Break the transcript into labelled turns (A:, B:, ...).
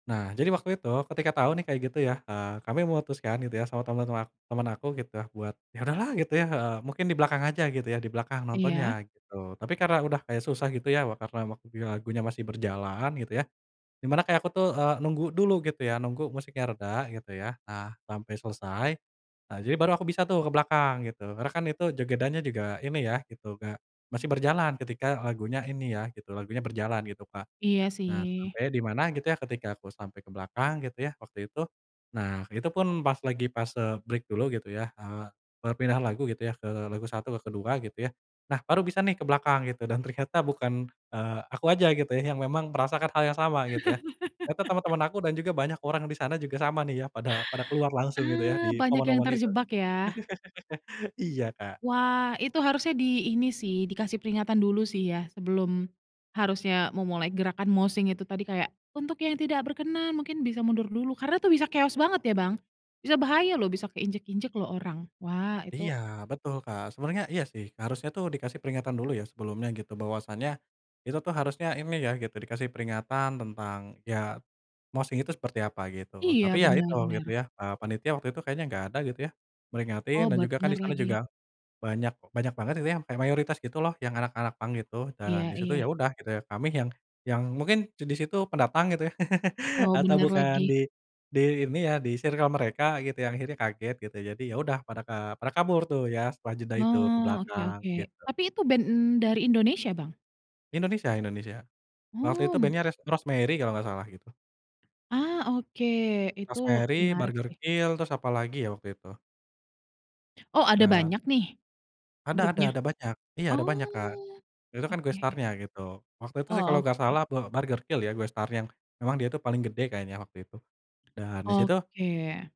A: Nah, jadi waktu itu ketika tahu nih kayak gitu ya, eee, kami memutuskan gitu ya sama temen-temen ak temen aku gitu buat yaudahlah gitu, ya, eee, mungkin di belakang aja gitu ya di belakang
B: Iya.
A: nontonnya gitu, tapi karena udah kayak susah gitu ya karena waktunya lagunya masih berjalan gitu ya, dimana kayak aku tuh, eee, nunggu dulu gitu ya, nunggu musiknya reda gitu ya. Nah, sampai selesai nah jadi baru aku bisa tuh ke belakang gitu, karena kan itu jogedannya juga ini ya gitu kayak, masih berjalan ketika lagunya ini ya gitu, lagunya berjalan gitu Kak,
B: Iya
A: nah
B: sih.
A: sampai dimana gitu ya ketika aku sampai ke belakang gitu ya, waktu itu. Nah, itu pun pas lagi pas, eee, break dulu gitu ya, eee, berpindah lagu gitu ya ke lagu 1 ke ke-2 gitu ya. Nah, baru bisa nih ke belakang gitu dan ternyata bukan, eee, aku aja gitu ya yang memang merasakan hal yang sama, gitu ya. Ternyata teman-teman aku dan juga banyak orang di sana juga sama nih ya pada pada keluar langsung gitu ya
B: Eee,
A: di
B: banyak yang
A: momen-momen itu.
B: terjebak ya.
A: Iya Kak.
B: Wah itu harusnya di ini sih, dikasih peringatan dulu sih ya sebelum harusnya memulai gerakan moshing itu tadi kayak untuk yang tidak berkenan mungkin bisa mundur dulu, karena itu bisa chaos banget ya, Bang? bisa bahaya loh, bisa keinjak-injak loh orang. Wah itu
A: Iya betul Kak, sebenarnya iya sih, harusnya tuh dikasih peringatan dulu ya sebelumnya gitu. Bahwasanya itu tuh harusnya ini ya gitu dikasih peringatan tentang ya moshing itu seperti apa gitu.
B: Iya
A: Tapi ya
B: bener,
A: itu gitu
B: bener.
A: ya, eee, panitia waktu itu kayaknya enggak ada gitu ya, meringatin
B: Oh
A: dan juga kan
B: bener
A: disana juga
B: lagi.
A: banyak banyak banget gitu ya, kayak mayoritas gitu loh yang anak-anak punk gitu dan
B: Iya,
A: disitu ya
B: iya.
A: udah gitu ya, kami yang yang mungkin disitu pendatang gitu ya
B: Oh,
A: atau
B: bener
A: bukan
B: lagi.
A: di di ini ya di circle mereka gitu, yang akhirnya kaget gitu. Jadi, ya udah, pada ka pada, eee, kabur tuh ya setelah jeda itu, ke
B: Nah, oke,
A: belakang
B: oke
A: gitu.
B: tapi itu band dari Indonesia, Bang?
A: Indonesia Indonesia. Waktu itu
B: Oh.
A: band-nya ras Rosemary kalau enggak salah gitu.
B: Ah, oke, itu
A: Rosemary,
B: menarik sih.
A: Burgerkill, terus apalagi ya waktu itu.
B: Oh ada
A: Dan.
B: banyak nih,
A: Ada ada
B: grupnya?
A: ada banyak iya ada banyak Kak.
B: Oh,
A: Itu kan guest
B: oke.
A: star-nya gitu. Waktu itu sih kalau
B: Oh,
A: enggak
B: oke.
A: salah, bu Burgerkill ya guest star yang memang dia itu paling gede kayaknya waktu itu, dan disitu
B: Oke.